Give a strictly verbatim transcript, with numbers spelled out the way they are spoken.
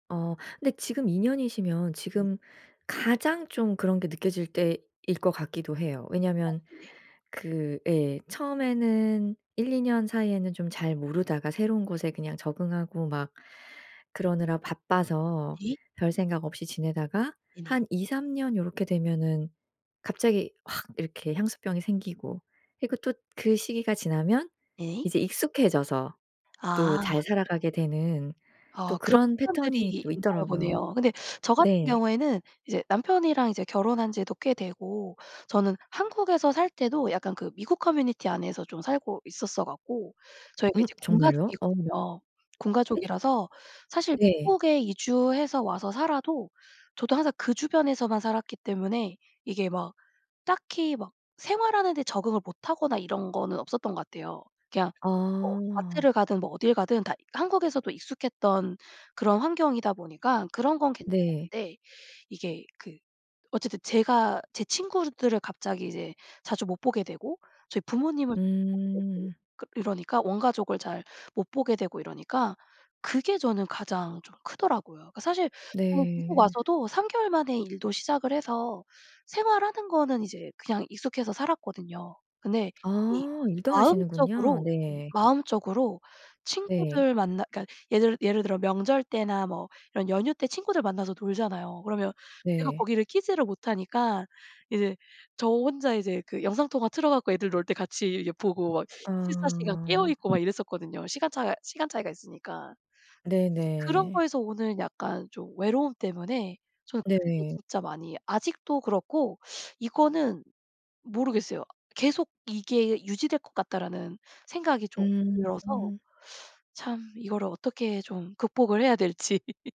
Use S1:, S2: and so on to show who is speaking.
S1: 어 근데 지금 이 년이시면 지금 가장 좀 그런 게 느껴질 때일 것 같기도 해요.
S2: 아
S1: 왜냐하면
S2: 네네.
S1: 그 예 처음에는 일이 년 사이에는 좀 잘 모르다가 새로운 곳에 그냥 적응하고 막 그러느라 바빠서
S2: 네.
S1: 별생각 없이 지내다가
S2: 네네.
S1: 한 이삼 년 요렇게 되면은 갑자기 확 이렇게 향수병이 생기고 그리고 또 그 시기가 지나면
S2: 네.
S1: 이제 익숙해져서 또
S2: 아.
S1: 잘 살아가게 되는 또
S2: 아 그런
S1: 그런
S2: 사람들이
S1: 패턴이 또
S2: 있나
S1: 있더라고요.
S2: 보네요. 근데 저 같은
S1: 네.
S2: 경우에는 이제 남편이랑 이제 결혼한 지도 꽤 되고 저는 한국에서 살 때도 약간 그 미국 커뮤니티 안에서 좀 살고 있었어 갖고 저희가
S1: 음.
S2: 이제 군
S1: 정말요? 어.
S2: 가족이거든요. 군
S1: 예?
S2: 가족이라서 사실
S1: 네.
S2: 미국에 이주해서 와서 살아도 저도 항상 그 주변에서만 살았기 때문에 이게 막 딱히 막 생활하는 데 적응을 못하거나 이런 거는 없었던 것 같아요. 그냥 뭐 마트를
S1: 아.
S2: 가든 뭐 어딜 가든 다 한국에서도 익숙했던 그런 환경이다 보니까 그런 건
S1: 네.
S2: 괜찮았는데 이게 그 어쨌든 제가 제 친구들을 갑자기 이제 자주 못 보게 되고 저희 부모님을 [unintelligible]
S1: 음.
S2: 그 이러니까 원 가족을 잘 못 보게 되고 이러니까 그게 저는 가장 좀 크더라고요. 그 사실 [unintelligible] 미국
S1: 네.
S2: 와서도 삼 개월 만에 일도 시작을 해서 생활하는 거는 이제 그냥 익숙해서 살았거든요. 근데
S1: 아.
S2: 이
S1: 일도 하시는군요.
S2: 마음적으로 이
S1: 네.
S2: 마음적으로
S1: 네.
S2: 친구들 만나 그러니까 예를 예를 들어 명절 때나 뭐 이런 연휴 때 친구들 만나서 놀잖아요. 그러면 제가
S1: 네.
S2: 거기를 끼지를 못하니까 이제 저 혼자 이제 그 영상통화 틀어 갖고 애들 놀 때 같이 예 보고 막 이십사 시간 깨어
S1: 아.
S2: 있고 막 이랬었거든요. 시간 차 시간 차이가 있으니까. 그런
S1: 네네.
S2: 거에서 오는 약간 좀 외로움 때문에 저는 그게
S1: 네.
S2: 진짜 많이 아직도 그렇고 이거는 모르겠어요. '계속 이게 유지될 것 같다.'라는 생각이 좀 들어서
S1: 음.
S2: 참 이거를 어떻게 좀 극복을 해야 될지.